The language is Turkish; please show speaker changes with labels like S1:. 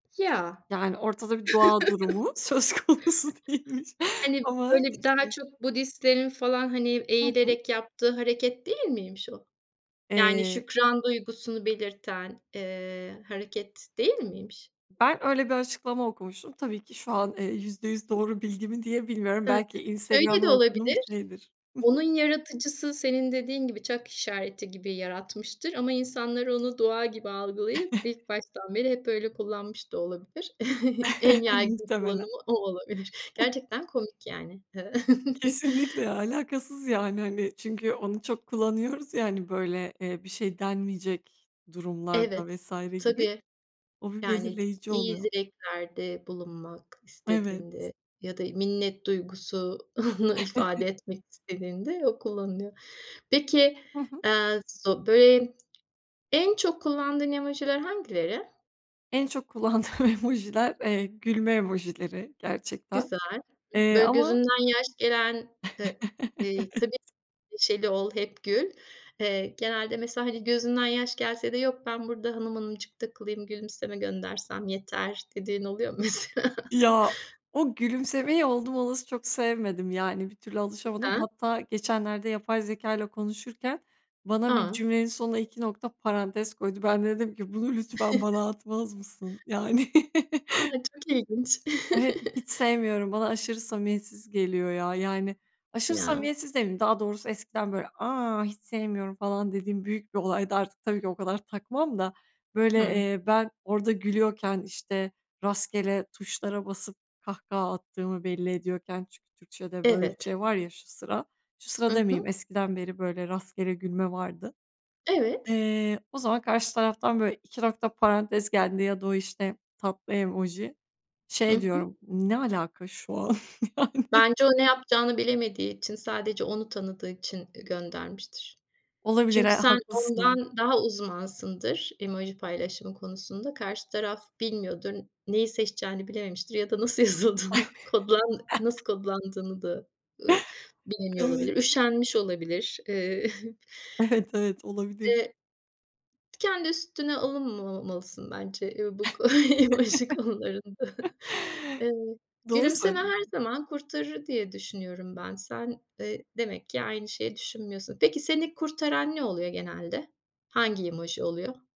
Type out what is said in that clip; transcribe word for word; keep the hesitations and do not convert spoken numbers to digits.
S1: Ya.
S2: Yani ortada bir dua durumu söz konusu değilmiş
S1: Hani
S2: ama,
S1: böyle bir daha
S2: işte
S1: çok Budistlerin falan, hani,
S2: Hı hı.
S1: eğilerek yaptığı hareket değil miymiş o? Yani
S2: Eee
S1: şükran duygusunu belirten, eee, hareket değil miymiş?
S2: Ben öyle bir açıklama okumuştum. Tabii ki şu an, eee, yüzde yüz doğru bilgi mi, diye bilmiyorum.
S1: Hı.
S2: Belki
S1: Şöyle de
S2: Instagram'dan okuduğum bir
S1: olabilir:
S2: şeydir. Hı hı.
S1: Onun yaratıcısı senin dediğin gibi "çak işareti" gibi yaratmıştır ama insanlar onu doğa gibi algılayıp ilk baştan bile hep öyle kullanmış da olabilir. En yaygın
S2: Muhtemelen.
S1: kullanımı o olabilir. Gerçekten komik yani. Eee
S2: Kesinlikle. Ya, alakasız, yani, hani, çünkü onu çok kullanıyoruz ya hani, böyle, eee ,bir şey denmeyecek durumlarda
S1: Evet,
S2: vs. gibi.
S1: tabii.
S2: O bir
S1: Yani t
S2: belirleyici
S1: iyi
S2: oluyor.
S1: dileklerde bulunmak
S2: Evet.
S1: istediğinde ya da minnet duygusunu ifade etmek istediğinde o kullanılıyor. Peki,
S2: Hı hı.
S1: eee, zo böy en çok kullandığın emojiler hangileri?
S2: En çok kullandığım emojiler, eee, gülme emojileri gerçekten.
S1: Güzel,
S2: Eee,
S1: böyle,
S2: ama
S1: gözünden yaş gelen ııı, eee, tabii
S2: Evet.
S1: neşeli ol hep gül. Eee, genelde mesela, hani, gözünden yaş gelse de "Yok, ben burada hanım hanımcık takılayım. Gülümseme göndersem yeter." dediğin oluyor mu mesela?
S2: Ya, o gülümsemeyi oldum olası çok sevmedim. Yani bir türlü alışamadım.
S1: Neden?
S2: Hatta geçenlerde yapay zekâyla konuşurken bana bir
S1: A!
S2: cümlenin sonuna iki nokta parantez koydu. Ben de dedim ki, "Bunu lütfen bana atmaz mısın?" Yani.
S1: A! Çok ilginç.
S2: [unintelligible] Hiç sevmiyorum. Bana aşırı samimiyetsiz geliyor ya. Yani, aşırı
S1: Ya.
S2: samimiyetsiz demeyeyim. Daha doğrusu eskiden böyle, "A! Hiç sevmiyorum." falan dediğim büyük bir olaydı. Artık tabii ki o kadar takmam da, böyle,
S1: Hıı.
S2: eee, ben orada gülüyorken, işte, rastgele tuşlara basıp kahkaha attığımı belli ediyorken çünkü Türkçe'de böyle bir
S1: Evet.
S2: şey var ya şu sıra. Şu sırada
S1: Hı
S2: demeyeyim.
S1: hı.
S2: Eskiden beri böyle rastgele gülme vardı.
S1: Evet.
S2: Eee, o zaman karşı taraftan, böyle, iki nokta parantez geldiğinde ya da o, işte, tatlı emoji.
S1: Hı
S2: Şey
S1: hı.
S2: diyorum: "Ne alaka şu an yani?"
S1: Bence o ne yapacağını bilemediği için sadece onu tanıdığı için, ııı, göndermiştir.
S2: Olabilir. Eee,
S1: Çünkü sen
S2: haklısın.
S1: ondan daha uzmansındır, emoji paylaşımı konusunda. Karşı taraf bilmiyordur. Neyi seçeceğini bilememiştir ya da nasıl yazıldığını kodlan nasıl kodlandığını da, ııı, bilemiyor
S2: Evet.
S1: olabilir, üşenmiş olabilir. Eee
S2: Evet, evet olabilir.
S1: Eee. Kendi üstüne alınmamalısın bence ya bu ko emoji konularında. Eee,
S2: Doğru
S1: gülümseme her
S2: söyledin.
S1: zaman kurtarır diye düşünüyorum ben. Sen, eee, demek ki aynı şeyi düşünmüyorsun. Peki, seni kurtaran ne oluyor genelde? Hangi emoji oluyor?